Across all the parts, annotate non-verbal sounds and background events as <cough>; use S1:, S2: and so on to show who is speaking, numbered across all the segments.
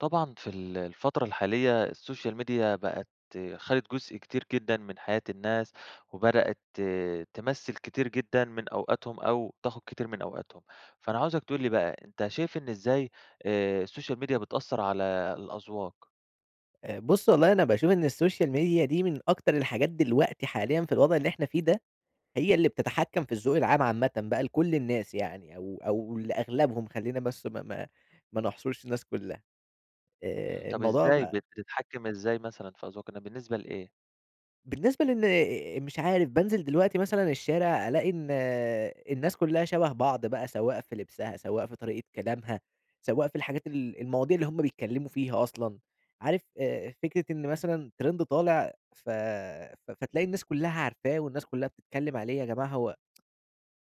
S1: طبعًا في ال الفترة الحالية السوشيال ميديا بقت خدت جزء كتير جدًا من حياة الناس، وبدأت ت تمثّل كتير جدًا من أوقاتهم، أو تاخد كتير من أوقاتهم، فأنا عاوزك تقول لي بقى، أنت شايف إن إزاي آآ، السوشيال ميديا بتأثر على الأذواق؟
S2: آآ، بُصّ والله أنا باشوف إن السوشيال ميديا دي من أكتر الحاجات دلوقتي حاليًا في الوضع اللي إحنا فيه ده، هي اللي بتتحكم في الذوق العام عامةً بقى, لكُلّ الناس يعني أو أو لأغلبهم خلّينا بس ما ما ما نحصرش الناس كلّها،
S1: إمم،
S2: آآ،
S1: طب
S2: الموضوع
S1: إزاي
S2: بقى
S1: بتتحكم إزاي مثلًا في أذواق الن بالنسبة لإيه؟
S2: بالنسبة لأن مش عارف بانزل دلوقتي مثلًا الشارع ألاقي إن الناس كلّها شبه بعض بقى، سواء في لبسها، سواء في طريقة كلامها، سواء في الحاجات ال المواضيع اللي هُم بيتكلّموا فيها أصلًا، عارف آآ فكرة إن مثلًا ترند طالع ف ف فتلاقي الناس كلّها عارفاه والناس كلّها بتتكلّم عليه، يا جماعة هو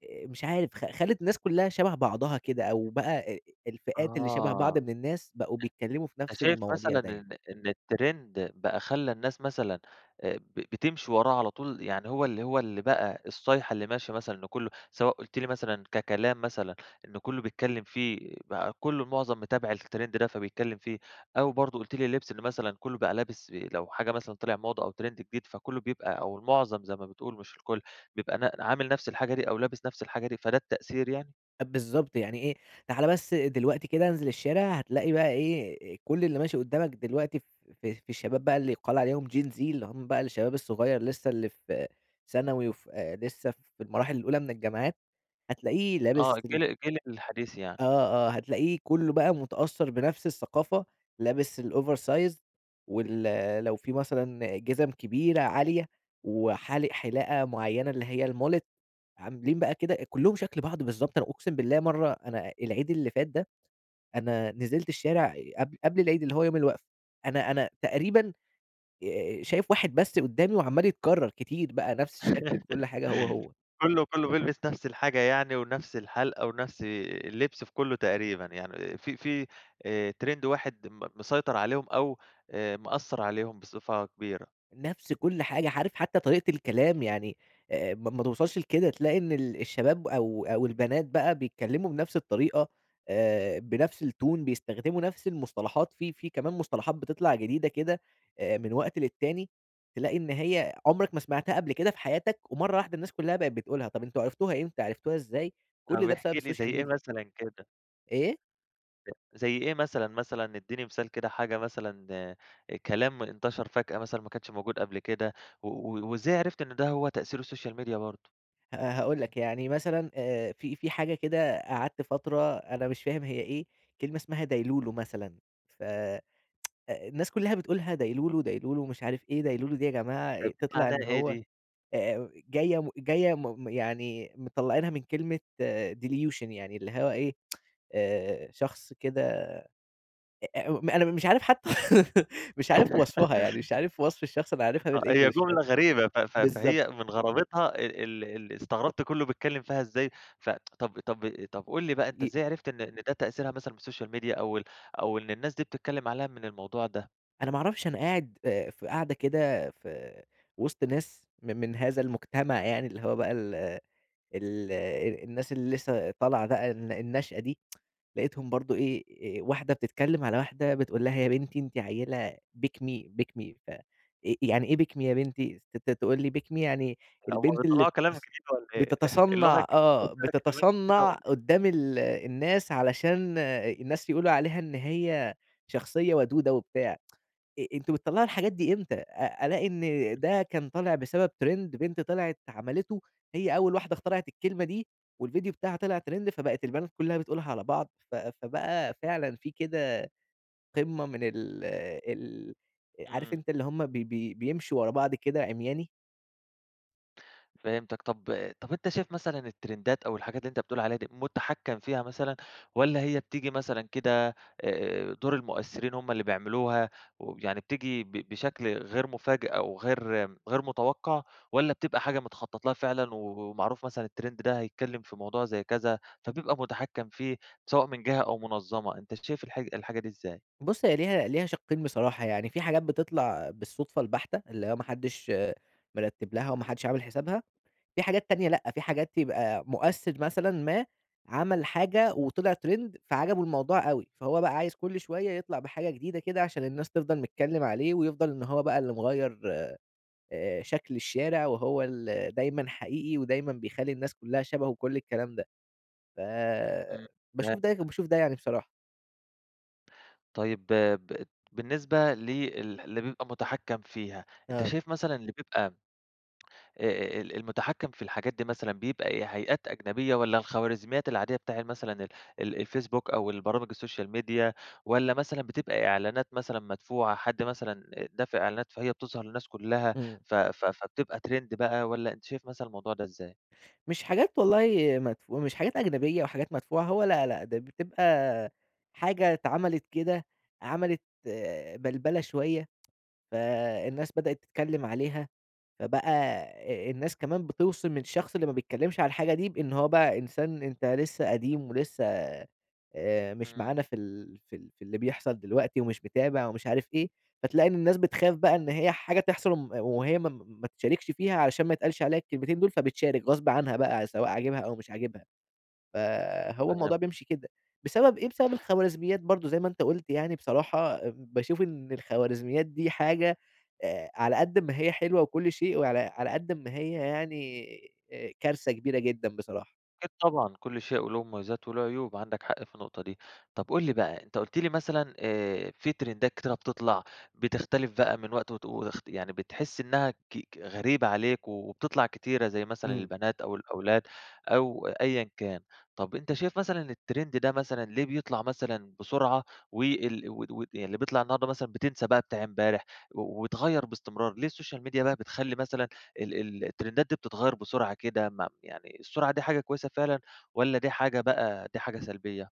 S2: <tsk> آآ، مش عارف خ خلت الناس كلّها شبه بعضها كده، أو بقى آآ الفئات اللي شبه بعض
S1: آه.
S2: من الناس بقوا
S1: أن
S2: بيتكلّموا في
S1: أنت
S2: نفس
S1: شايف مثلًا
S2: المواضيع دايمًا.
S1: إن إن الترند بقى خلّى الناس مثلًا آآ ب بتمشي وراه على طول، يعني هو اللي هو اللي بقى الصيحة اللي ماشية مثلًا إن كلّه سواء قلت لي مثلًا ككلام مثلًا إنّه كلّه بيتكلّم فيه، بقى كلّه معظم متابع الترند ده فبيتكلم فيه، أو برضو قلت لي اللبس إنّه مثلًا كلّه بقى لابس لو حاجة مثلًا طلع موضة أو ترند جديد، فكلّه بيبقى أو المعظم زي ما بتقول مش الكُلّ بيبقى ن عامل نَفس الحاجة دي أو لابس نَفس الحاجة دي، فده التأثير يعني؟
S2: بالضبط، يعني إيه تعالَ بس دلوقتي كده انزل الشارع، هتلاقي بقى إيه كل اللي ماشي قدّامك دلوقتي في في الشباب بقى اللي يُقال عليهم Gen Z اللي هُم بقى الشباب الصغير لسه اللي في ثانوي وف لسه في المراحل الأولى من الجامعات، هتلاقيه
S1: آه،
S2: لابس
S1: الجيل
S2: ال
S1: الجيل الحديث يعني.
S2: آه، آه هتلاقيه كُلُّه بقى متأثر بنفس الثقافة لابس الOver Size وال لو في مثلًا جزم كبيرة عالية، وحالق حلاقة مُعينة اللي هي الMullet عاملين بقى كده شكل بعض بالضبط، أنا أقسم بالله مرة أنا العيد اللي فات ده، أنا نزلت الشارع قبل قبل العيد اللي هو يوم الوقفة، أنا أنا تقريبًا آآ شايف واحد بس قُدامي وعمّال يتكرر، كتير بقى نفس الشكل بكُلّ حاجة هو،
S1: <laughs>
S2: هو.
S1: كُلُّه، كُلُّه بيلبس نفس الحاجة يعني، ونفس الحَالِقة، ونفس اللِّبس في كُلُذه تقريبًا، يعني في في آآ ترند واحد م مسيطر عليهم أو آآ مأثِّر عليهم بصفة كبيرة.
S2: نفس كُلّ حاجة، عارف حتى طريقة الكلام، يعني آآ ما ما توصلّش لكده، تلاقي إن ال الشباب أو أو البنات بقى بيتكلّموا بنفس الطريقة، آآ بنفس الTone بيستخدموا نفس المُصطلحات، في في كمان مُصطلحات بتطلع جديدة كده آآ من وقت للتاني، تلاقي إن هي عمرك ما سمعتها قبل كده في حياتك، ومرة واحدة الناس كُلّها بقت بتقولها، طب أنتم عرفتوها إمتى، عرفتوها إزاي؟
S1: طب
S2: كل ده
S1: احكِ
S2: بسبب
S1: لي زي
S2: السوشيال
S1: إيه
S2: ميديا.
S1: مثلًا كده؟
S2: إيه؟
S1: زي إيه مثلًا، مثلًا اديني مثال كده، حاجة مثلًا كلام انتشر فجأة مثلًا ما كانش موجود قبل كده، و وازاي عرفت إن ده هو تأثير السوشيال ميديا برضه؟
S2: ها هاقول لك يعني مثلًا آآ في في حاجة كده قعدت فترة أنا مش فاهم هي إيه، كلمة اسمها دايلولو مثلًا، ف <tsk> الناس كُلّها بتقولها دايلولو، دايلولو مش عارف إيه دايلولو دي يا جماعة؟
S1: طب
S2: أ
S1: دي
S2: تطلع
S1: معناها
S2: إن
S1: إيه
S2: هو
S1: دي؟
S2: آآ جاية م جاية م يعني مطلّعينها من كلمة آآ Delusion يعني اللي هو إيه <tsk> آآ شخص كده أ أ م أنا مش عارف حتى <laughs> مش عارف وصفها، يعني
S1: <laughs>
S2: مش عارف وصف الشخص أنا عارفها
S1: آه، هي
S2: بالEnglish فاهم؟
S1: جملة غريبة، ف ف
S2: بالضبط.
S1: فهي من غرابتها ال ال ال استغربت كُلُّه بيتكلّم فيها إزَّاي، ف <tsk> طب طب طب قُل لي بقى أنت
S2: ي
S1: إزاي عرفت إن إن ده تأثيرها مثلًا من السوشيال ميديا أو ال أو إن الناس دي بتتكلِّم عليها من الموضوع ده؟
S2: أنا ما اعرفش، أنا قاعد آآ، في قعدة كده في وسط ناس م من هذا المجتمع يعني، اللي هو بقى ال ال الناس اللي لسه طالعة بقى، الن الناشئة دي، <tsk> لقيتهم برضو إيه واحدة بتتكلم على واحدة بتقول لها يا بنتي أنتِ عيلة pick me ،pick me، ف آآ، يعني إيه pick me يا بنتي؟ ت تقول لي pick me يعني
S1: هم
S2: البنت اللي
S1: بيطلّعوا كلام
S2: بتص
S1: جديد والّا إيه <chuckles> اللغة.
S2: بتتصنَّع، آه بتتصنَّع
S1: <unintelligible>
S2: قدام ال الناس علشان الناس يقولوا عليها إن هي شخصية ودودة وبتاع، <tsk> أ أنتم بتطلَّعوا الحاجات دي إمتى؟ أ ألاقي إن
S1: <chuckles>
S2: ده كان طالع بسبب ترند بنت طلعت عملِتُه هي أول واحدة اخترعت الكلمة دي، والفيديو بتاعها طلع ترند، فبقت البنات كلّها بتقولها على بعض، ف فبقى فعلًا في كده قمة من ال ال عارف
S1: إمم.
S2: أنت اللي هُم ب بي بيمشوا ورا بعض كده عمياني.
S1: فهمتك، طب طب أنت شايف مثلًا الترندات أو الحاجات اللي أنت بتقول عليها دي مُتحكَّم فيها مثلًا، والّا هي بتيجي مثلًا كده آآ، دُور المؤثرين هُم اللي بيعملوها ويعني بتيجي ب بشكل غير مفاجئ أو غير غير متوقَّع، والّا بتبقى حاجة متخطط لها فعلًا و ومعروف مثلًا الترند ده هيتكلم في موضوع زي كذا، فبيبقى مُتحكَّم فيه سواء من جهة أو منظَّمة، أنت شايف الح الحاجة دي إزاي؟
S2: بُصّ، هي ليها ليها شقِّين بصراحة، يعني فيه حاجات بتطلع بالصدفة البحتة، اللي هو ما حدش مرتب لها، وما حدش عامل حسابها، فيه حاجات تانية لأ، في حاجات تبقى مؤثر مثلًا ما عمل حاجة وطلع ترند فعجبه الموضوع أوي، فهو بقى عايز كُلّ شوية يطلع بحاجة جديدة كده عشان الناس تفضل نتكلم عليه ويفضل إن هو بقى اللي مغيّر آآ، شكل الشارع، وهو ال دايمًا حقيقي، ودايمًا بيخلي الناس كلّها شبهه وكُلّ الكلام ده،
S1: إمم
S2: فباشوف ده
S1: فهمتك.
S2: وباشوف ده يعني بصراحة.
S1: طيب ب بالنسبة ل ال اللي بيبقى مُتحكّم فيها، أنت
S2: آه.
S1: شايف مثلًا اللي بيبقى آآ ال المُتحكّم في الحاجات دي مثلًا بيبقى إيه؟ هيئات أجنبية والّا الخوارزميات العادية بتاع مثلًا ال ال الفيسبوك أو البرامج السوشيال ميديا والّا مثلًا بتبقى إعلانات مثلًا مدفوعة. حد مثلًا دافع إعلانات فهي بتظهر للناس كُلّها
S2: إمم.
S1: ف ف فبتبقى تريند بقى، والّا أنت شايف مثلًا الموضوع ده إزاي؟
S2: مش حاجات والله مدفو مش حاجات أجنبية أو حاجات مدفوعة، هو لا، لأ. ده بتبقى حاجة اتعملت كده عملت بَلْبَلة شوية، فالناس بدأت تتكلّم عليها. فبقى أ الناس كمان بتِوصِم الشخص اللي ما بيتكلّمش عن الحاجة دي بإن هو بقى إنسان أنت لسّه قديم، ولسّه آآ مش
S1: إمم.
S2: معانا في ال في ال في اللي بيحصل دلوقتي ومش متابع ومش عارف إيه. فتلاقي إن الناس بتخاف بقى إن هي حاجة تحصل وم وهي م م ما تشاركش فيها علشان ما يتقالش عليها الكلمتين دول فبتشارك غصب عنها بقى سواء عاجبها أو مش عاجبها. فهو
S1: فهمت.
S2: الموضوع بيمشي كده. بسبب إيه؟ بسبب الخوارزميات برضه زي ما أنت قُلت يعني بصراحة ام باشوف إن الخوارزميات دي حاجة أ على قد أما هي حلوة وكل شيء وعلى على قد أما هي يعني أ كارثة كبيرة جدًا بصراحة.
S1: أكيد طبعًا كل شيء وليه مميزات وليه عيوب عندك حق في النقطة. دي طب قُل لي بقى، أنت قُلت لي مثلًا آآ في تريندات كتيرة بتطلع بتختلف بقى من وقت وت وتخت يعني بتحس إنّها ك ك غريبة عليك و وبتطلع كتيرة زي مثلًا
S2: إمم.
S1: البنات أو الأولاد أو أيًا كان. طب أنت شايف مثلًا التريند ده مثلًا ليه بيطلع مثلًا بسرعة و ال ود ود يعني اللي بيطلع النهاردة مثلًا بتنْسى بتاع امبارح و ويتغيّر باستمرار؟ ليه السوشيال ميديا بقى بتخلّي مثلًا ال ال التريندات دي بتتغيّر بسرعة كده ما يعني السرعة دي حاجة كويسة فعلًا، والّا دي حاجة بقى دي حاجة سلبية؟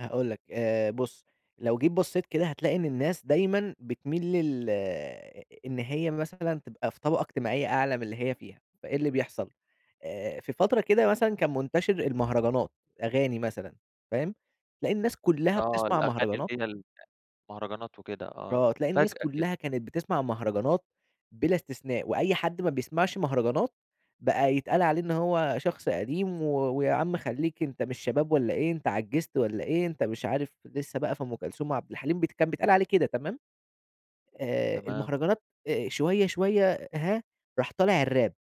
S2: هاقول لك، آآ بُص، لو جيت بصّيت كده هتلاقي إن الناس دايمًا بتميل لل إن هي مثلًا تبقى في طبقة اجتماعية أعلى من اللي هي فيها، فإيه اللي بيحصل؟ آآ في فترة كده مثلًا كان منتشر المهرجانات، أغاني مثلًا، فاهم؟ تلاقي الناس كلّها
S1: آه،
S2: بتسمع
S1: الأغاني اللي
S2: مهرجانات.
S1: هي ال المهرجانات وكده، آه،
S2: آه، تلاقي الناس
S1: فجأة كده.
S2: كلها كانت بتسمع مهرجانات بلا استثناء، وأي حد ما بيسمعش مهرجانات بقى يتقال عليه إن هو شخص قديم، و ويا عم خلّيك أنت مش شباب والّا إيه؟ أنت عجِّزت والّا إيه؟ أنت مش عارف لسه بقى في أم كلثوم وعبد الحليم، بت كان بيتقال عليه كده، تمام؟ آآ
S1: تمام.
S2: المهرجانات آآ شوية شوية، هاه، راح طالع الراب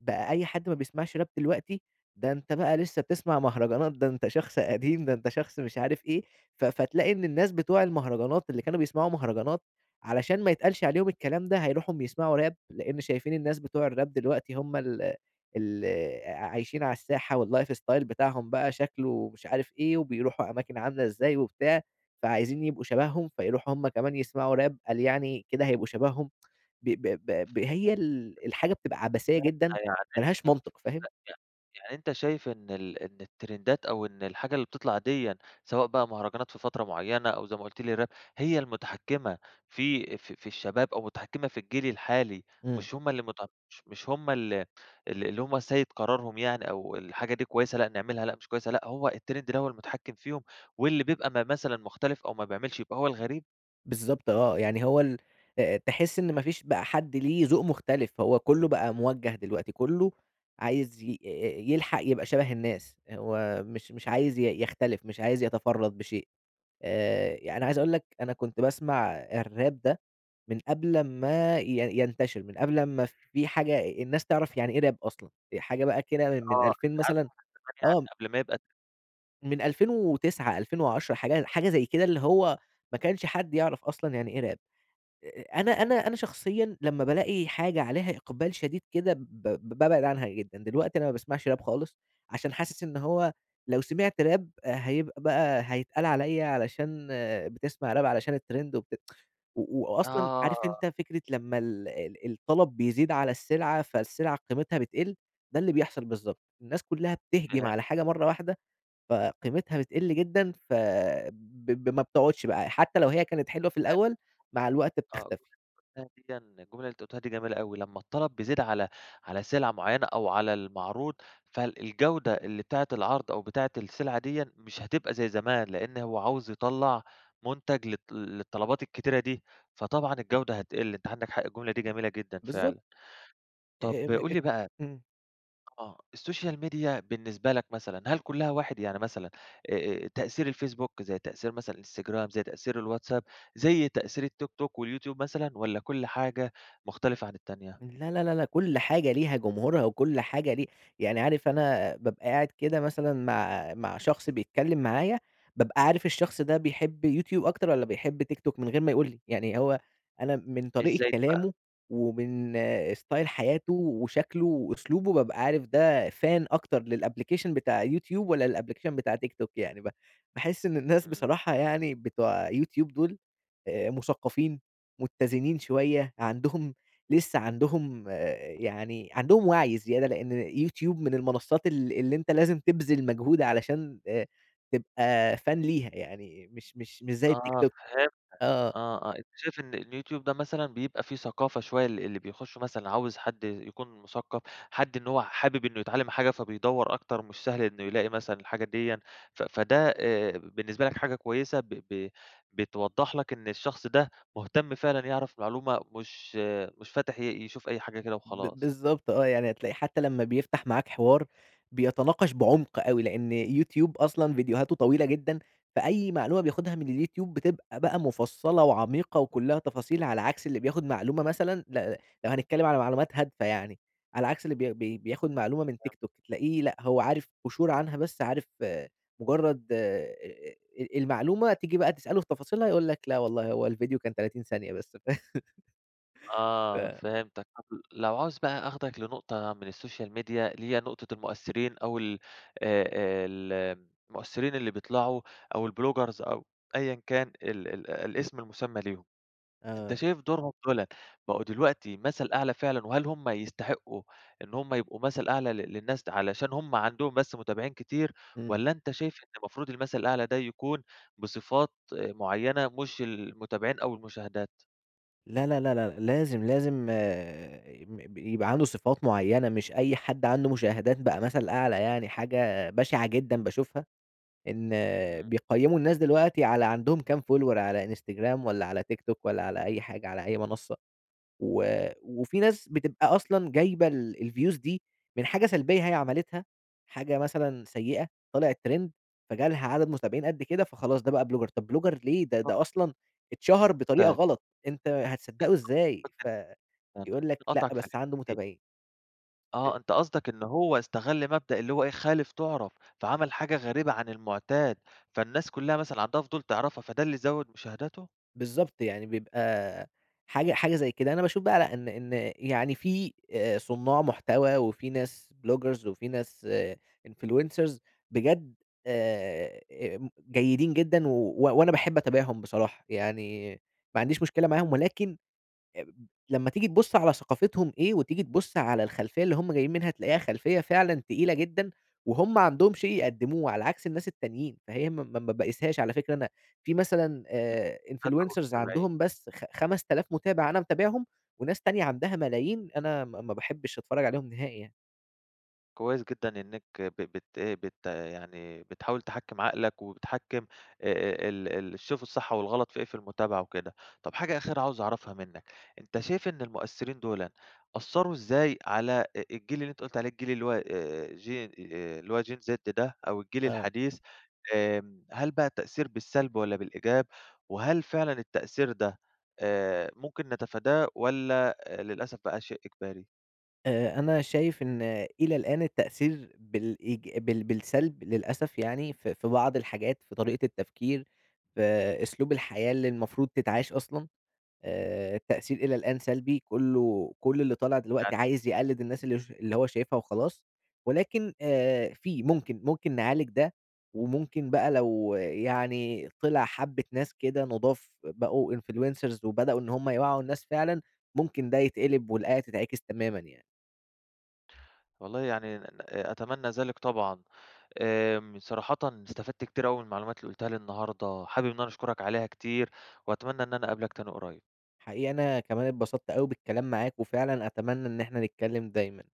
S2: بقى أي حد ما بيسمعش راب دلوقتي، ده أنت بقى لسه بتسمع مهرجانات، ده أنت شخص قديم، ده أنت شخص مش عارف إيه؛ ف فتلاقي إن الناس بتوع المهرجانات اللي كانوا بيسمعوا مهرجانات علشان ما يتقالش عليهم الكلام ده، هايروحوا يسمعوا راب؛ لأن شايفين الناس بتوع الراب دلوقتي هُم ال اللي عايشين على الساحة، و الlife style بتاعهم بقى شكله مش عارف إيه، وبيروحوا أماكن عاملة إزاي وبتاع، فعايزين يبقوا شبههم، فيروحوا هُم كمان يسمعوا راب قال يعني كده هيبقوا شبههم، <tsk> ب ب ب ب
S1: <unintelligible>
S2: هي ال الحاجة بتبقى عبثية جدًا،
S1: يعني
S2: ما لهاش
S1: أنت ف
S2: منطق، فاهم؟
S1: ي يعني أنت شايف إن ال إن الترندات أو إن الحاجة اللي بتطلع دِيًا، سواء بقى مهرجانات في فترة مُعيّنة، أو زي ما قلت لي راب هي المُتحكمة في في في الشباب، أو مُتحكمة في الجيل الحالي،
S2: إمم.
S1: مش هُم اللي مت مش مش هُم ال ال اللي هُم سيد قرارهم يعني أو الحاجة دي كويسة لأ نعملها، لأ مش كويسة، لأ، هو التريند اللي هو المتحكم فيهم، واللي بيبقى ما مثلًا مختلف أو ما بيعملش يبقى هو الغريب؟
S2: بالضبط آه، يعني هو ال آآ، تحس إن ما فيش بقى حد ليه ذوق مختلف، هو كلّه بقى موجّه دلوقتي، كلّه عايز ي يلحق يبقى شبه الناس، هو مش مش عايز ي يختلف، مش عايز يتفرّد بشيء، آآ، يعني عايز أقول لك أنا كنت باسمع الراب ده من قبل امّا ي ينتشر، من قبل امّا في حاجة الناس تعرف يعني إيه راب أصلًا، في حاجة بقى كده من
S1: آه،
S2: 2000 مثلًا آه.
S1: <unintelligible> قبل ما يبقى ت
S2: من 2009، 2010، حاجة حاجة زي كده، اللي هو ما كانش حد يعرف أصلًا يعني إيه راب، أ أنا أنا أنا شخصيًا لمّا بالاقي حاجة عليها إقبال شديد كده ب ب بابعد عنها جدًا، دلوقتي أنا ما باسمعش راب خالص عشان حاسس إن هو لو سمعت راب هيبقى بقى هيتقال عليَّ علشان بتسمع راب علشان الترند، وبت <tsk> و وأصلًا
S1: آه.
S2: عارف أنت فكرة لمّا ال ال الطلب بيزيد على السلعة، فالسلعة قيمتها بتقل؟ ده اللي بيحصل بالضبط، الناس كلّها بتهجم
S1: فهمت.
S2: على حاجة مَرّة واحدة فقيمتها بتقل جدًا، فب ب ما بتقعدش بقى حتّى لو هي كانت حلوة في
S1: <unintelligible>
S2: الأول، مع الوقت
S1: آه،
S2: بتختفي.
S1: الجملة ديًّا الجملة اللي أنت قلتها دي جميلة أوي، لمّا الطلب بيزيد على على سلعة معينة أو على المعروض، فالجودة اللي بتاعة العرض أو بتاعة السلعة ديًّا مش هتبقى زي زمان، لأن هو عاوز يطلّع منتج للط للطلبات الكتيرة دي، فطبعًا الجودة هتقل، أنت عندك حق، الجملة دي جميلة جدًا
S2: بالضبط.
S1: فعلًا،
S2: أ
S1: طب
S2: أم
S1: قُل لي بقى
S2: إمم.
S1: آه، السوشيال ميديا بالنسبة لك مثلًا هل كلّها واحد؟ يعني مثلًا آآ، تأثير الفيسبوك زي تأثير مثلًا الإنستجرام، زي تأثير الواتساب، زي تأثير التيك توك واليوتيوب مثلًا، والّا كُلّ حاجة مختلفة عن التانية؟
S2: لا لا لا لأ، كُلّ حاجة ليها جمهورها، وكُلّ حاجة لي يعني عارف أنا بابقى قاعد كده مثلًا مع مع شخص بيتكلم معايا، بابقى عارف الشخص ده بيحب يوتيوب أكتر، والّا بيحب تيك توك من غير ما يقول لي، يعني هو أنا من طريقة
S1: ازاي دي بقى.
S2: كلامه، ومن ستايل حياته وشكله وأسلوبه بابقى عارف ده فان أكتر للأبليكيشن بتاع يوتيوب والّا للأبليكيشن بتاع تيك توك يعني، ب باحس إن الناس
S1: إمم.
S2: بصراحة يعني بتوع يوتيوب دول آآ، مثقفين، متّزنين شوية، عندهم لسه عندهم يعني عندهم وعي زيادة، لأن يوتيوب من المنصات ال اللي أنت لازم تبذل مجهود علشان آآ، تبقى فان ليها يعني، مش مش مش زي التيك
S1: آه
S2: توك.
S1: فهمتك،
S2: آه.
S1: آه آه، أنت شايف إن اليوتيوب ده مثلًا بيبقى فيه ثقافة شوية، ال اللي بيخشوا مثلًا عاوز حد يكون مثقف، حد إن هو حابب إنه يتعلم حاجة فبيدوّر أكتر، مش سهل إنه يلاقي مثلًا الحاجة ديًّا، ف فده آآ، بالنسبة لك حاجة كويسة، ب ب بتوضح لك إن الشخص ده مهتم فعلًا يعرف معلومة، مش مش فاتح ي يشوف أي حاجة كده
S2: ب
S1: وخلاص.
S2: بالضبط آه، يعني هتلاقي حتّى لمّا بيفتح معاك حوار بيتناقش بعمق أوي، لأن يوتيوب أصلًا فيديوهاته طويلة جدًا، فأي معلومة بياخدها من اليوتيوب بتبقى بقى مُفصَّلة، وعميقة وكلّها تفاصيل، على عكس اللي بياخد معلومة مثلًا ل لو هنتكلم على معلومات هادفة يعني، على عكس اللي بي بي بياخد معلومة من
S1: فهمت.
S2: تيك توك تلاقيه لأ، هو عارف قُشور عنها بس، عارف مجرد آآ، المعلومة تيجي بقى تسأله في تفاصيلها، يقول لك لا والله هو الفيديو كان 30 ثانية بس. <laughs>
S1: آه
S2: ف
S1: فهمتك، طب لو عاوز بقى آخدك لنقطة من السوشيال ميديا، اللي هي نقطة المؤثرين أو ال آآ، آآ، المؤثرين اللي بيطلعوا أو الbloggers أو أيًا كان ال ال الاسم المسمى ليهم، أنت
S2: آه.
S1: شايف دورهم دولًا بقوا دلوقتي مثل أعلى فعلًا، وهل هُم يستحقوا إن هُم يبقوا مثل أعلى ل للناس د علشان هُم عندهم بس متابعين كتير،
S2: إمم.
S1: والّا أنت شايف إن المفروض المثل الأعلى ده يكون بصفات معينة، مش المتابعين أو المشاهدات؟
S2: لا لا لا لا، لازم لازم آآ م يبقى عنده صفات مُعيّنة، مش أي حد عنده مشاهدات بقى مثل أعلى، يعني حاجة بشعة جدًا باشوفها إن
S1: إمم.
S2: بيقيّموا الناس دلوقتي على عندهم كام follower على Instagram والّا على TikTok والّا على أي حاجة، على أي منصة. و وفي ناس بتبقى أصلًا جايبة ال الviews دي من حاجة سلبية هي عَمَلِتها، حاجة مثلًا سيئة طلعت تريند فجالها عدد متابعين قد كده، فخلاص ده بقى بلوجر طب بلوجر ليه؟ ده ده أصلًا اتشهر بطريقة
S1: <unintelligible>
S2: غلط، أنت هتصدقه إزاي؟ ف
S1: <unintelligible> خلّيني
S2: يقول لك لأ،
S1: أقاطعك فى
S2: بس
S1: الحتة
S2: عنده
S1: دي.
S2: متابعين. ب
S1: آه أنت قصدك إن هو استغل مبدأ اللي هو إيه، خالف تُعرف فعمل حاجة غريبة عن المعتاد، فالناس كلّها مثلًا عندها فضول تعرفها فده اللي زوِد مشاهداته؟
S2: بالضبط، يعني بيبقى حاجة حاجة زي كده. أنا باشوف بقى لأ إن إن يعني في آآ صُناع محتوى وفي ناس بلوجرز وفي ناس influencers بجد آآ جيدين جدًا، و وأنا باحب أتابعهم بصراحة، يعني ما عنديش مشكلة معاهم ولكن لمّا تيجي تبُص على ثقافتهم إيه، وتيجي تبُص على الخلفية اللي هُم جايين منها، تلاقيها خلفية فعلًا تقيلة جدًا، وهُم عندهم شيء يقدموه، على عكس الناس التانيين، فهي ما ما ما باقيسهاش على فكرة أنا في مثلًا آآ influencers عندهم بس خ خمسة ألاف مُتابع أنا متابعهم، وناس تانية عندها ملايين أنا ما ما باحبش أتفرج عليهم نهائي يعني.
S1: كويس جدًا إنك ب بت بت يعني بتحاول تحكم عقلك وبتحكم آآ، ال ال تشوف الصح والغلط في إيه في المتابعة وكده، طب حاجة أخيرة عاوز أعرفها منك، أنت شايف إن المؤثرين دولًا أثروا إزاي على الجيل اللي أنت قلت عليه، الجيل اللي هو آآ Gen اللي هو Gen Z ده أو الجيل
S2: آه.
S1: الحديث آآ، هل بقى التأثير بالسلب والّا بالإيجاب؟ وهل فعلًا التأثير ده آآ، ممكن نتفاداه والّا للأسف بقى شيء إجباري؟
S2: آآ، أنا شايف إن إلى الآن التأثير بالإيج بال بالسلب للأسف يعني، في في بعض الحاجات في طريقة التفكير، في أسلوب الحياة اللي المفروض تتعاش أصلًا، آآ، التأثير إلى الآن سلبي كلّه كُلّ اللي طالع
S1: <unintelligible>
S2: دلوقتي عايز يقلد الناس اللي ش اللي هو شايفها وخلاص، ولكن آآ، في ممكن ممكن نعالج ده، وممكن بقى لو يعني طلع حبة ناس كده نضاف بقوا influencers وبدأوا إن هُم يوعّوا الناس فعلًا، ممكن ده يتقلب والآية تتعكس تمامًا يعني.
S1: والله يعني ن ن أتمنى ذلك طبعًا، آمم، صراحةً استفدت كتير أوي من المعلومات اللي قلتها لي النهارده، حابب إن أنا أشكرك عليها كتير وأتمنى إن أنا أقابلك تاني قريب.
S2: حقيقي أنا كمان اتبسطت أوي بالكلام معاك وفعلًا أتمنى إن إحنا نتكلم دايمًا.